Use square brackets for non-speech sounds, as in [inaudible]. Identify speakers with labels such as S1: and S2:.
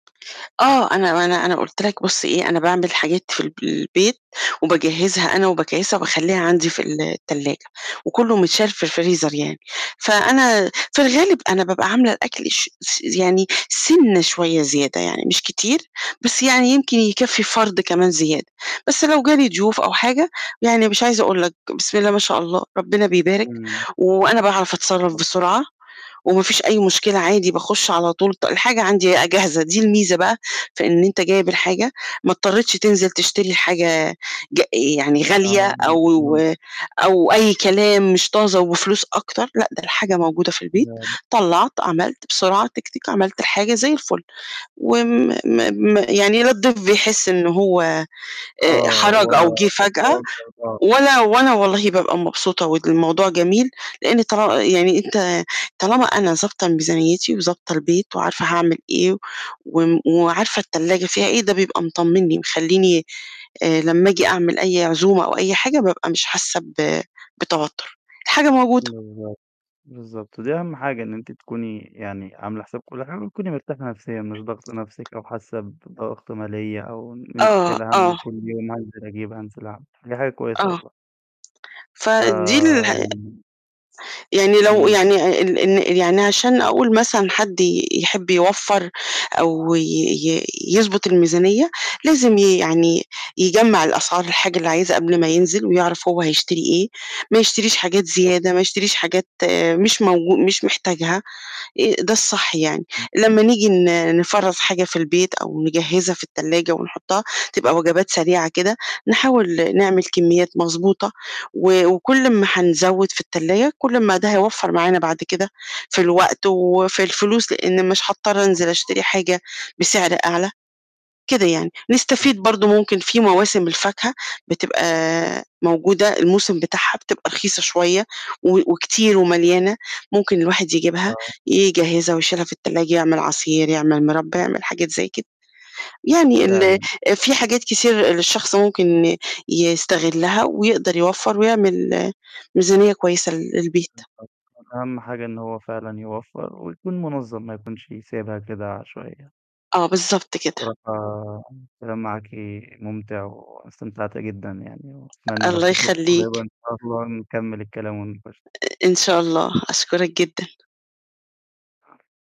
S1: آه، أنا أنا أنا قُلت لك بُصّ إيه، أنا باعمل حاجات في الب البيت، وباجهّزها أنا وباكيّسها وباخلّيها عندي في التلّاجة، وكلّه مِتشال في الفريزر يعني، فأنا في الغالب أنا بابقى عاملة الأكل ش س يعني سِنة شويّة زيادة يعني، مش كتير، بس يعني يمكن يكفّي فَرد كمان زيادة، بس لو جه لي ضيوف أو حاجة يعني مش عايزة أقول لك، بسم الله ما شاء الله ربنا بيبارك،
S2: إمم.
S1: وأنا باعرف أتصرّف بسرعة، وما فيش أي مشكلة عادي باخُش على طول ط الحاجة عندي بقى جاهزة، دي الميزة بقى في إن أنت جايب الحاجة ما اضطريتش تنزِل تشتري حاجة ج يعني غالية
S2: آه.
S1: أو
S2: [unintelligible]
S1: و أو أي كلام مش طازة وفلوس أكتر، لأ، ده الحاجة موجودة في
S2: لا،
S1: البيت،
S2: لأ.
S1: طلّعت، عملت بسرعة تِك، تِك، عملت الحاجة زي الفُل، وم م م يعني لا الضيف بيحس إن هو آآ
S2: آه،
S1: حَراج أو
S2: ولا
S1: جِه فجأة
S2: [unintelligible]
S1: ولا وأنا والله بابقى مبسوطة والموضوع جميل، لإن طال يعني أنت طالما أنا ضابطة ميزانيّتي وضابطة البيت وعارفة هاعمل إيه وم وعارفة التلّاجة فيها إيه، ده بيبقى مطمّنني، مخلّيني آآ لمّا آجي أعمل أي عزومة أو أي حاجة بابقى مش حاسّة ب بتوتُر، الحاجة موجودة.
S2: بالضبط، بالضبط. ودي أهم حاجة إن أنتِ تكوني يعني عاملة حِساب كلّ حاجة وتكوني مرتاحة نَفْسيًا، مش ضاغطة نَفْسِك أو حاسّة بضغط ماليّة أو إن أنتِ
S1: آه،
S2: شايلة هَم
S1: آه.
S2: كلّ يوم هانزِل أجيب، هانزِل أعمل، فدي حاجة كويسة
S1: آه.
S2: والله.
S1: فدي اله
S2: فيعني
S1: يعني لو
S2: إمم.
S1: يعني آآ ال إن يعني عشان أقول مثلًا حد ي يحِب يوفَّر، أو ي ي يضبط الميزانية، لازم ي يعني يجمَّع الأسعار الحاجة اللي عايزها قبل ما ينزِل ويعرف هو هيشتري إيه، ما يشتريش حاجات
S2: [unintelligible]
S1: زيادة، ما يشتريش حاجات مش موج مش محتاجها، آآ ده الصح يعني،
S2: إمم.
S1: لمّا نيجي ن نفرَّز حاجة في البيت أو نجهّزها في التلّاجة ونحطّها تبقى وجبات سريعة كده، نحاول نعمل كمّيات مضبوطة، و وكلّ أما هنزوّد في التلّاجة، كلّ أما ده هيوفَّر معانا بعد كده في الوقت وفي الفلوس، لإن مش هاضطر أنزِل
S2: مضبوط.
S1: أشتري حاجة بسعر أعلى، كده يعني، نستفيد
S2: [unintelligible]
S1: برضه ممكن في مواسم الفاكهة بتبقى موجودة الموسم بتاعها بتبقى رخيصة شوية و
S2: [unintelligible]
S1: وكتير ومَليانة، ممكن الواحد يجيبها،
S2: آه.
S1: يجهّزها ويشيلها في التلّاجة، يعمل عصير، يعمل مِربّى، يعمل حاجات زي كده. يعني ال
S2: فعلًا.
S1: في حاجات كتير للشخص ممكن يستغلّها ويقدر يوفَّر ويعمل ميزانية كويسة ل للبيت.
S2: [unintelligible] أهم حاجة إن هو فعلًا يوفَّر ويكون مُنظّم ما يكونش سايبها كده عشوائيّة.
S1: آه، بالضبط كده.
S2: الصراحة، الكلام معاكِ مُمتِع وأنا استمتعت جدًا يعني، وأتمنى لو
S1: الله
S2: في فرصة قريبة
S1: يخلّيك.
S2: إن شاء الله نكمّل الكلام و [unintelligible]
S1: أ إن شاء الله، أشكُرك جدًا.